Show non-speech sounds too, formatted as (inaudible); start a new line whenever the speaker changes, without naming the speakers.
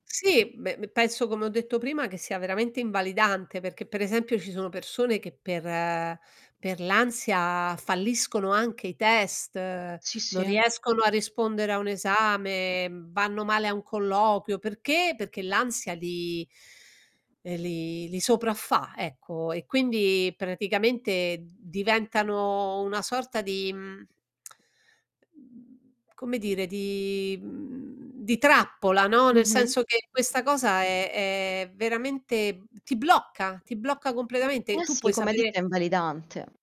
Sì. Beh, p penso, come ho detto prima, che sia veramente invalidante, perché, per esempio, ci sono persone che per per l'ansia falliscono anche i test,
Sì,
non
sì.
riescono a rispondere a un esame, vanno male a un colloquio, perché? Perché l'ansia li ehm, li li sopraffà, ecco, e quindi praticamente d diventano una sorta di, mhmm, (clicks tongue) mhmm, come dire di mhmm, di trappola, no. Nel
Mh-mh.
senso che questa cosa è è veramente ti blocca, ti blocca completamente.
Eh
Tu
sì,
puoi
come hai
sapere
detto, è invalidante.